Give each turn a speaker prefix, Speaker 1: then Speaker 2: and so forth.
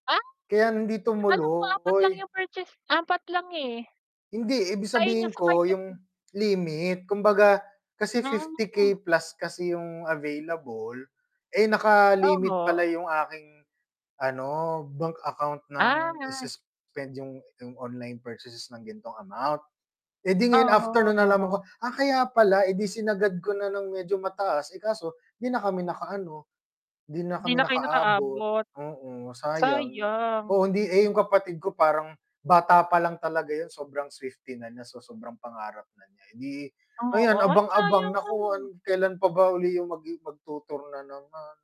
Speaker 1: Ah?
Speaker 2: Kaya hindi
Speaker 1: Alam ko 4 lang
Speaker 2: tumuloy.
Speaker 1: yung purchase, 4 lang, eh.
Speaker 2: Hindi, ibig
Speaker 1: Sa inyo,
Speaker 2: sabihin
Speaker 1: sa
Speaker 2: ko
Speaker 1: kanya
Speaker 2: yung
Speaker 1: po
Speaker 2: limit. Kumbaga kasi fifty
Speaker 1: Ah.
Speaker 2: K plus kasi yung available, eh, naka-limit
Speaker 1: Oho.
Speaker 2: pala yung aking ano, bank account ng
Speaker 1: Ah.
Speaker 2: i-suspend yung yung online purchases ng ganitong amount. Eh, di ngayon
Speaker 1: Oho,
Speaker 2: afternoon nalaman
Speaker 1: oho.
Speaker 2: ko, ah, kaya pala. Eh, di sinagad ko na ng medyo mataas, eh, kaso 'di na kami nakaano, di na
Speaker 1: Hindi
Speaker 2: kami
Speaker 1: na kayo
Speaker 2: nakaabot,
Speaker 1: nakaabot.
Speaker 2: oo, sayang.
Speaker 1: Sayang.
Speaker 2: Oo, hindi eh, yung kapatid ko parang bata pa lang talaga yun, sobrang Swifty na niya, so sobrang pangarap na niya. Eh, di
Speaker 1: Oo.
Speaker 2: ayan
Speaker 1: Ay,
Speaker 2: abang-abang,
Speaker 1: sayang
Speaker 2: nakuha
Speaker 1: naman.
Speaker 2: kelan pa ba uli yung magi magtu-tour na naman.